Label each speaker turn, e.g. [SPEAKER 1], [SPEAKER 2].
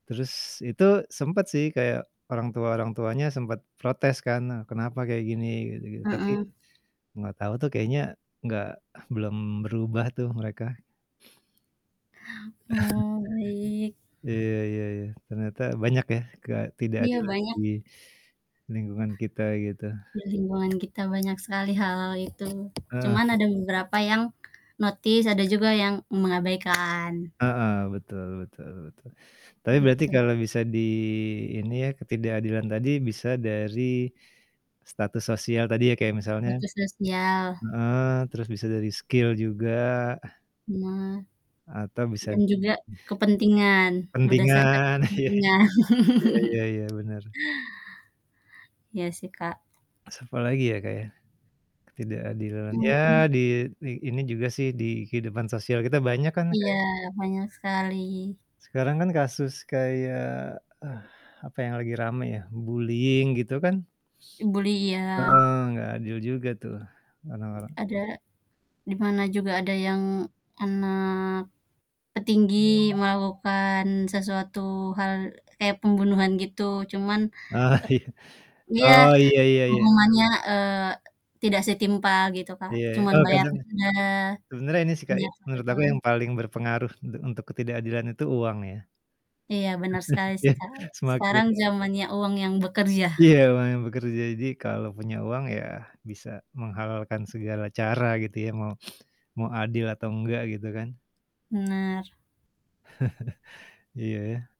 [SPEAKER 1] Terus itu, sempet sih, kayak orang tua-orang tuanya sempet protes kan, a "Kenapa kayak gini?" Gitu gitu. Tapi,
[SPEAKER 2] Mhm.
[SPEAKER 1] nggak tahu tuh kayaknya nggak belum berubah tuh, mereka.
[SPEAKER 2] Oh, baik.
[SPEAKER 1] Iya iya iya ternyata banyak ya,
[SPEAKER 2] Iya,
[SPEAKER 1] ketidakadilan
[SPEAKER 2] banyak.
[SPEAKER 1] di lingkungan kita, gitu.
[SPEAKER 2] Di lingkungan kita banyak sekali hal-hal, itu.
[SPEAKER 1] Heeh.
[SPEAKER 2] Cuman ada beberapa yang notice, ada juga yang mengabaikan.
[SPEAKER 1] Heeh, betul betul betul. Tapi berarti
[SPEAKER 2] Gitu.
[SPEAKER 1] kalau bisa di ini ya, ketidakadilan tadi bisa dari status sosial tadi ya, kayak misalnya
[SPEAKER 2] Status sosial.
[SPEAKER 1] heeh, terus bisa dari skill juga ah.
[SPEAKER 2] Nah.
[SPEAKER 1] Atau bisa
[SPEAKER 2] Dan juga kepentingan, berdasarkan
[SPEAKER 1] kepentingan iya i
[SPEAKER 2] kepentingan.
[SPEAKER 1] iya iya iya, benar.
[SPEAKER 2] Iya sih, Kak.
[SPEAKER 1] Terus apalagi ya, Kak, ya? Ketidakadilan, ya
[SPEAKER 2] Mhm.
[SPEAKER 1] di di ini juga sih, di kehidupan sosial kita banyak kan,
[SPEAKER 2] Iya,
[SPEAKER 1] kayak
[SPEAKER 2] banyak sekali.
[SPEAKER 1] sekarang kan kasus kayak, eh, apa yang lagi rame ya bullying, gitu kan
[SPEAKER 2] I bully iya.
[SPEAKER 1] Heeh, nggak adil juga, tuh, orang-orang.
[SPEAKER 2] Ada, di mana juga ada yang anak petinggi melakukan sesuatu hal kayak pembunuhan, gitu. Cuman,
[SPEAKER 1] Ah, iya.
[SPEAKER 2] e iya,
[SPEAKER 1] Oh, iya iya iya.
[SPEAKER 2] hukumannya, eee, tidak setimpal gitu, Kak.
[SPEAKER 1] Iya,
[SPEAKER 2] Cuman
[SPEAKER 1] oh
[SPEAKER 2] bayar
[SPEAKER 1] kadang
[SPEAKER 2] denda,
[SPEAKER 1] sebenarnya ini sih kayak,
[SPEAKER 2] penjara 1
[SPEAKER 1] menurut aku
[SPEAKER 2] tahun.
[SPEAKER 1] yang paling berpengaruh untuk untuk ketidakadilan itu uang, ya.
[SPEAKER 2] Iya, bener sekali sih,
[SPEAKER 1] Iya.
[SPEAKER 2] Kak.
[SPEAKER 1] Semakin
[SPEAKER 2] Sekarang jamannya uang yang bekerja.
[SPEAKER 1] Iya, uang yang bekerja, jadi kalau punya uang ya, bisa menghalalkan segala cara gitu ya, mau, mau adil atau enggak, gitu kan.
[SPEAKER 2] Benar.
[SPEAKER 1] Iya, ya.